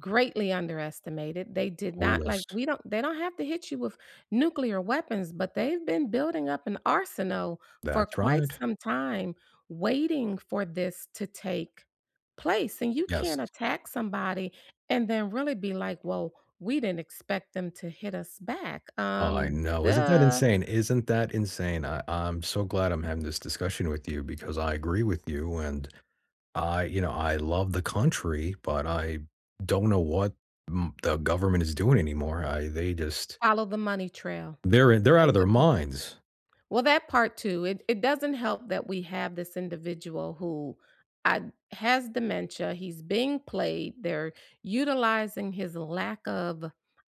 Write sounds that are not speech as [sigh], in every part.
Greatly underestimated, they did Oh not like yes. we don't they don't have to hit you with nuclear weapons, but they've been building up an arsenal for That's quite right. some time, waiting for this to take place, and you Yes. can't attack somebody, and then really be like, "Well, we didn't expect them to hit us back," I um, know, isn't that "Duh". insane isn't that insane? I I'm so glad I'm having this discussion with you because I agree with you, and I you know, I love the country, but I don't know what m the government is doing anymore, I they just Follow the money trail. They're in they're out of their [unintelligible] minds. Well, that part too, it it doesn't help that we have this individual who I has dementia, he's being played, they're utilizing his lack of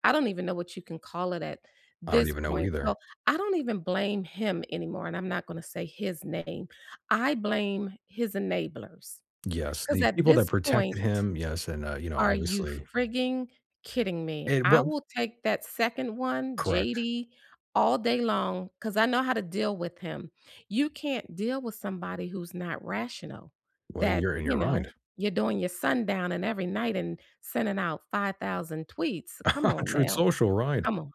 I don't even know what you can call it at I don't this even know point, so either. I don't even blame him anymore, and I'm not gonna say his name; I blame his enablers Yes, 'cause the at people that this point protected him Yes, and, uh, you know, are you obviously frigging kidding me? And I what f will take that second one, Correct. JD, all day long 'cause I know how to deal with him. You can't deal with somebody who's not rational, Well, that you're and you you're know, right. you're doing your sundown and every night, and sending out 5000 tweets. Come [chuckles] on Truth now, Social, right, come on,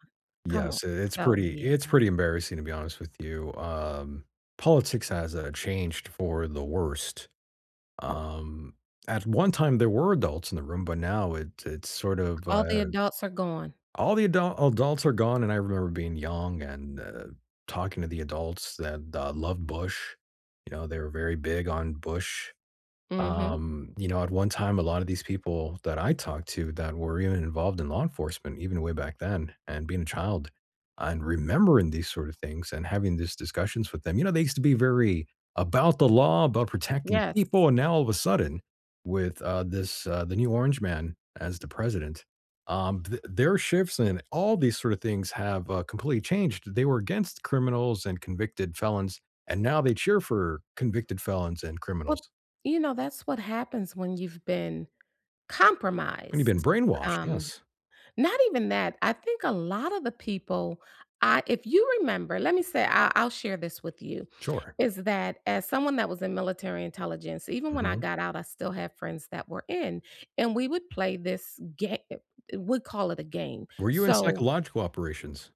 come on, yes, i it's so, pretty yeah. it's pretty embarrassing, to be honest with you, um, politics has, uh, changed for the worst. Um, at one time there were adults in the room, but now it it's sort of, All the uh adults are gone. all the adult adults are gone, and I remember being young, and, uh, talking to the adults that, uh, loved Bush, you know, they were very big on Bush. Mhm. Um, you know, at one time, a lot of these people that I talked to that were even involved in law enforcement, even way back then, and being a child, and remembering these sort of things, and having these discussions with them you know, they used to be very about the law, about protecting Yes. people, and now all of a sudden with, uh, this uh, the new orange man as the president, um, th their shifts, and all these sort of things have, uh, completely changed; they were against criminals and convicted felons, and now they cheer for convicted felons, and criminals. Well, you know, that's what happens when you've been I mean you've been compromised, brainwashed, um, yes. not even that I think a lot of the people, I if you remember let me say I I'll share this with you, Sure. is that as someone that was in military intelligence, even when I Mhm. got out, I still have friends that were in, and we would play this ga e eh, we call it a game, Were you in so psychological operations?